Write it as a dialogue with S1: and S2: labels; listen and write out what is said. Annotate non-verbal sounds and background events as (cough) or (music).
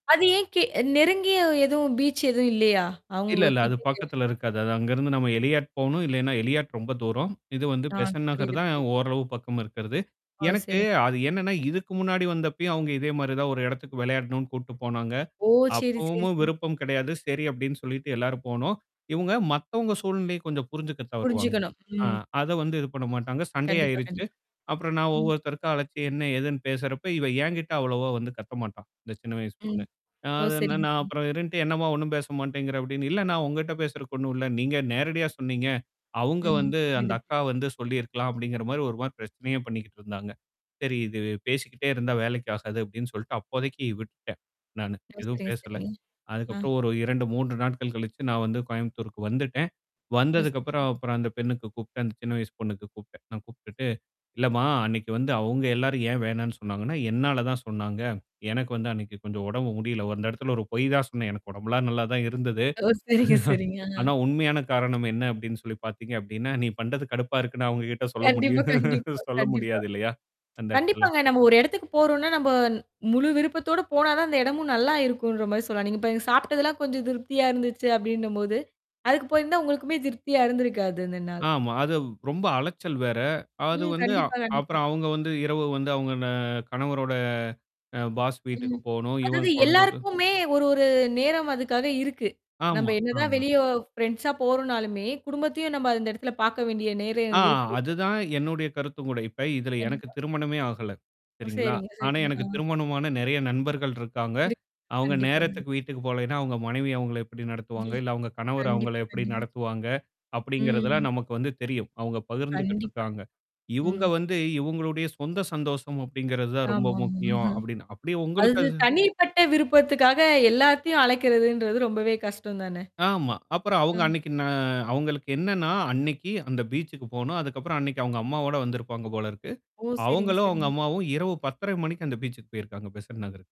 S1: அது ஏன் கே நெருங்கிய எதுவும் பீச் எதுவும் இல்லையா?
S2: இல்ல,
S1: அவங்க
S2: இல்ல. அது
S1: கிட்டக்க.
S2: பக்கத்துல இருக்காது. அது அங்கருந்து நம்ம எளியாட் போணும். இல்லன்னா, எளியாட் ரொம்ப தூரம். இது வந்து
S1: ஆ
S2: பெசன்ட் நகர்
S1: புரியுது,
S2: தான்
S1: புரியுது.
S2: ஓரளவு பக்கம் இருக்கிறது.
S1: ஓ!
S2: எனக்கு,
S1: சரிங்.
S2: அது என்னன்னா இதுக்கு முன்னாடி வந்தப்பயும் அவுங்க இதே மாரி தான் ஒரு இடத்துக்கு விளையாடணும்னு கூட்டிட்டு போனாங்க.
S1: ஓ! சரி, சரி,
S2: அப்பவும்மும்
S1: சரி.
S2: விருப்பம் கிடையாது. சரி அப்டின்னு சொல்லிட்டு, எல்லாரும் போனோம். இவங்க மத்தவங்க சூழ்நிலைய கொஞ்சம் புரிஞ்சுக்க தவறுவாங்க.
S1: புரிஞ்சுக்கணும்.
S2: ஆ
S1: ம்.
S2: அத வந்து இது பண்ண மாட்டாங்க.
S1: கண்டிப்பா,
S2: சண்டையாயிருச்சு.
S1: கண்டிப்பா.
S2: அப்புறம் நான்
S1: ம்.
S2: ஒவ்வொருத்தருக்கும் அழைச்சு, என்ன எதுன்னு பேசுறப்ப இவ என்கிட்ட அவ்வளவா வந்து கத்த மாட்டா. இந்த சின்ன வயசு
S1: ம்.
S2: பொண்ணு. அ
S1: ஓ!
S2: அதுன்னா,
S1: சரிங்க,
S2: நான்
S1: சரிங்க.
S2: அப்புறம் இருந்துட்டு, "என்னம்மா ஒண்ணும் பேச மாட்டேங்கிற" அப்பிடீன்னு. "இல்லண்ணா, நான் உங்கிட்ட பேசுறதுக்கு ஒண்ணும் இல்ல. நீங்க நேரடியா சொன்னீங்க. அவுங்க
S1: ம்.
S2: வந்து அந்த
S1: புரியுது. பு
S2: அக்கா வந்து சொல்லியிருக்கலாம்." அப்டிங்கிற மாரி ஒரு மாரி பிரச்சனையே பண்ணிக்கிட்டு இருந்தாங்க. சரி இது பேசிக்கிட்டே இருந்தா, வேலைக்கு ஆகாது அப்டின்னு சொல்லிட்டு அப்போதைக்கு விட்டுட்டேன், நானு.
S1: ஓ!
S2: எதுவும்
S1: சரிங்க,
S2: பேசல.
S1: சரி. அ.
S2: அதுக்கப்புறம் ஒரு 2, 3 நாட்கள் கழிச்சு, நான் வந்து கோயம்புத்தூருக்கு வந்துட்டேன்.
S1: ஓ.
S2: வந்ததுக்கப்புறம்
S1: சரிங்க.
S2: அப்புறம் அந்த பெண்ணுக்கு கூப்புட்டேன். அந்த சின்ன வயசு பொண்ணுக்கு கூப்புட்டேன். நான் கூப்புட்டுட்டு, "இல்லம்மா அன்னைக்கு வந்து அவுங்க எல்லாரும் ஏன் வேணான்னு சொன்னாங்கன்னா, என்னால தான் சொன்னாங்க. எனக்கு வந்து அன்னைக்கி கொஞ்சம் உடம்பு முடியல." ஒரு அந்த இடத்துல ஒரு பொய் தான் சொன்னேன். எனக்கு உடம்புலாம் நல்லா தான் இருந்தது. (chuckles)
S1: ஓ! சரிங்க, சரிங்க.
S2: ஆனா.
S1: ஆ.
S2: உண்மையான காரணம் என்ன அப்டின்னு சொல்லி பார்த்தீங்க அப்டின்னா, நீ பண்றது கடுப்பா இருக்குன்னா அவங்ககிட்ட சொல்ல
S1: கண்டிப்பா,
S2: முடியும்?
S1: கண்டிப்பா,
S2: (laughs) சொல்ல
S1: கண்டிப்பா.
S2: முடியாது இல்லையா, அந்த இடத்துல?
S1: கண்டிப்பாங்க. நம்ம ஒரு எடத்துக்கு போறோம்னா, நம்ப முழு விருப்பத்தோட போனாதான் அந்த இடமும் நல்லா இருக்குன்ற மாரி சொல்லலாம். நீங்க இப்ப சாப்பி்ட்டதெல்லாம் கொஞ்சம் திருப்தியா இருந்துச்சு அப்பிடீன்னும்போது, அதுக்கு போயிருந்தா உங்களுக்குமே திருப்தியா இருந்திருக்காது அந்த நாள்.
S2: ஆமா. அது ரொம்ப அலைச்சல் வேற. அது
S1: ம்.
S2: வந்து. ஆ
S1: கண்டிப்பா, கண்டிப்பா.
S2: அப்புறம் அவுங்க வந்து இரவு வந்து அவங்க ந கணவரோட அ பாஸ் வீட்டுக்கு
S1: ம்.
S2: போணும். இவங்க
S1: அதாவது
S2: குழந்தைக்கும்
S1: எல்லாருக்குமே ஒரு ஒரு நேரம் அதுக்காக இருக்கு. நம்ம
S2: ஆமா,
S1: என்னதான்
S2: ஆமா.
S1: வெளிய ஃப்ரெண்ட்ஸா போறோனாலுமே, குடும்பத்தையும் நம்ம அந்த இடத்துல பார்க்க வேண்டிய
S2: ஆ
S1: நேரம் இருக்கு.
S2: அதுதான் என்னுடைய கருத்தும் கூட. இப்ப இதுல எனக்கு
S1: கண்டிப்பா.
S2: திருமணமே ஆகல.
S1: ஓ.
S2: சரிங்களா?
S1: சரிங்க,
S2: ஆனா
S1: சரிங்க. ஆ.
S2: எனக்கு திருமணமான நெறைய நண்பர்கள் இருக்காங்க.
S1: இருக்கு.
S2: அவங்க
S1: கண்டிப்பாங்க.
S2: நேரத்துக்கு வீட்டுக்கு போலன்னா, அவுங்க மனைவி அவங்கள எப்படி நடத்துவாங்க,
S1: (chuckles)
S2: இல்ல, அவுங்க கணவர் அவங்கள
S1: கண்டிப்பா,
S2: எப்படி
S1: கண்டிப்பா.
S2: நடத்துவாங்க,
S1: ம்.
S2: அப்படிங்கிறதெல்லாம் நமக்கு வந்து தெரியும். அவங்க பகிர்ந்துகிட்டு
S1: கண்டிப்பா.
S2: இருக்காங்க. இவுங்க
S1: ம்.
S2: வந்து இவங்களுடைய சொந்த சந்தோஷம் அப்படிங்கிறது தான் ரொம்ப
S1: ஆமாமா.
S2: முக்கியம்.
S1: (chuckles)
S2: அப்டின்னு. அப்பிடியே உங்களுக்கு
S1: அது
S2: அது
S1: தனிப்பட்ட விருப்பத்துக்காக எல்லாத்தையும் அழைக்கிறதுன்றது ரொம்பவே கஷ்டம் தானே!
S2: ஆமா. அப்புறம் அவுங்க
S1: ம்.
S2: அன்னைக்கி ந அவங்களுக்கு என்னன்னா, அன்னைக்கி அந்த பீச்சுக்கு போணும். அதுக்கப்புறம் அன்னைக்கி அவுங்க அம்மாவோட வந்திருப்பாங்க போலருக்கு.
S1: ஓ! சரிங்க,
S2: அவுங்களும், அவுங்க
S1: சரிங்க.
S2: அம்மாவும் இரவு 10:30 மணிக்கு அந்த பீச்சுக்கு போயிருக்காங்க. பெசட் நகருக்கு.